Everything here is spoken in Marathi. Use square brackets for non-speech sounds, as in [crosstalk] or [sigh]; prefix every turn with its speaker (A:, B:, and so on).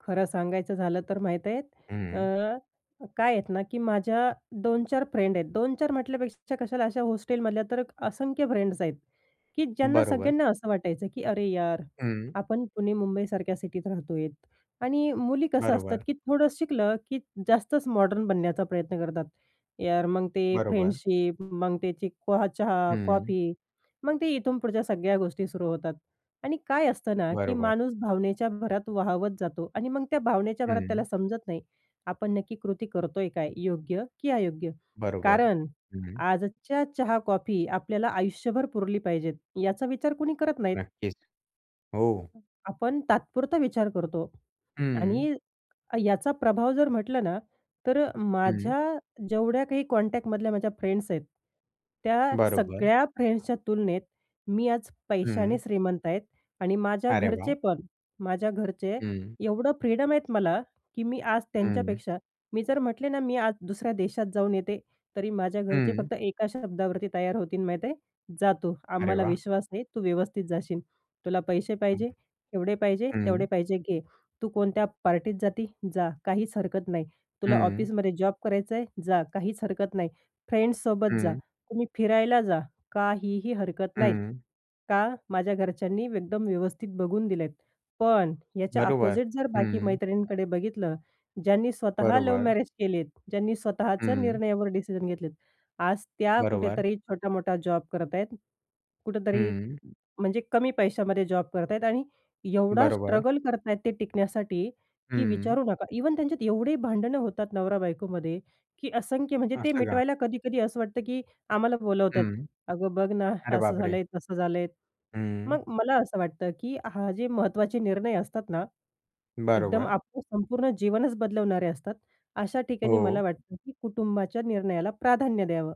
A: खरं सांगायचं झालं तर माहीत आहेत
B: हं.
A: अ, काय आहेत ना की माझ्या 2-4 फ्रेंड आहेत. 2-4 म्हटल्यापेक्षा कशाला अशा हॉस्टेलमधल्या तर असंख्य फ्रेंड्स आहेत. की ज्यांना
B: बरोबर.
A: सगळ्यांना असं वाटायचं की अरे यार,
B: हं.
A: आपण पुणे मुंबईसारख्या सिटीत राहतो आहेत. आणि मुली कसं असतात
B: बरोबर.
A: की थोडंसं शिकलं की जास्तच मॉडर्न बनण्याचा प्रयत्न करतात. यार मग ते
B: बरोबर.
A: फ्रेंडशिप मग त्याची कोहा चहा,
B: हं.
A: कॉफी मग ते इथून पुढच्या सगळ्या गोष्टी सुरू होतात. आणि काय असतं ना की
B: बरोबर.
A: माणूस भावनेच्या भरात वाहावत जातो आणि मग त्या भावनेच्या भरात त्याला
B: हं.
A: समजत नाही. आपण नक्की कृती करतोय काय योग्य की अयोग्य?
B: बरोबर.
A: कारण
B: हं.
A: आजच्या चहा, कॉफी आपल्याला आयुष्यभर पुरली पाहिजे याचा विचार कुणी करत नाहीत.
B: नक्कीच. हो.
A: आपण तात्पुरता विचार करतो
B: हं.
A: आणि याचा प्रभाव जर म्हटलं ना, तर अ,
B: हं.
A: माझ्या जेवढ्या काही कॉन्टॅक्टमधल्या माझ्या फ्रेंड्स आहेत, त्या
B: बरोबर.
A: सगळ्या फ्रेंड्सच्या तुलनेत मी आज पैशाने
B: हं.
A: श्रीमंत आहेत आणि माझ्या
B: अरे
A: घरचे
B: वाह!
A: पण माझ्या घरचे
B: हं.
A: एवढं फ्रीडम आहेत मला की मी आज
B: हं.
A: त्यांच्यापेक्षा, मी जर म्हटले ना मी आज दुसऱ्या देशात जाऊन येते तरी माझ्या घरचे
B: हं
A: फक्त 1 शब्दावरती तयार होतील माहीत आहे जा तू
B: अरे
A: आम्हाला
B: वाह!
A: विश्वास आहे तू व्यवस्थित जाशील. तुला पैसे
B: हं,
A: पाहिजे एवढे पाहिजे
B: हं.
A: तेवढे
B: हं.
A: पाहिजे घे. तू कोणत्या पार्टीत जाती जा. काहीच हरकत नाही. तुला
B: हं.
A: ऑफिसमध्ये जॉब करायचंय? जा काहीच हरकत नाही. फ्रेंड्स सोबत जा.
B: हं.
A: तुम्ही फिरायला जा. काहीही हरकत नाहीत.
B: हं.
A: का? माझ्या घरच्यांनी एकदम व्यवस्थित बघून दिलेत. पण ह्याच्या
B: बरोबर.
A: अपोझिट जर बाकी
B: हं.
A: मैत्रिणींकडे बघितलं, ज्यांनी स्वतः लव्ह
B: बरोबर.
A: मॅरेज केलेत, ज्यांनी स्वतःच्या
B: हं.
A: निर्णयावर डिसिजन घेतलेत. आज त्या
B: बरोबर.
A: कुठेतरी छोटा-मोठा जॉब करतायत. कुठेतरी
B: हं
A: म्हणजे कमी पैशामध्ये जॉब करताय आणि एवढा
B: बरोबर.
A: स्ट्रगल करत आहेत ते टिकण्यासाठी, की
B: हं.
A: विचारू नका. इव्हन त्यांच्यात एवढे भांडणं होतात नवरा-बायकोमध्ये की असंख्य म्हणजे ते
B: असं का.
A: मिटवायला कधी-कधी असं वाटतं की आम्हाला बोलावतात.
B: हं.
A: "अगं बघ ना [chuckles]
B: अरे
A: असं
B: बापरे!
A: झालंय. तसं झालंय."
B: हं.
A: मग मला असं वाटतं की हा जे महत्त्वाचे निर्णय असतात ना एकदम
B: बरोबर.
A: आपलं संपूर्ण जीवनच बदलवणारे असतात, अशा ठिकाणी मला
B: हो.
A: वाटतं की कुटुंबाच्या निर्णयाला प्राधान्य द्यावं.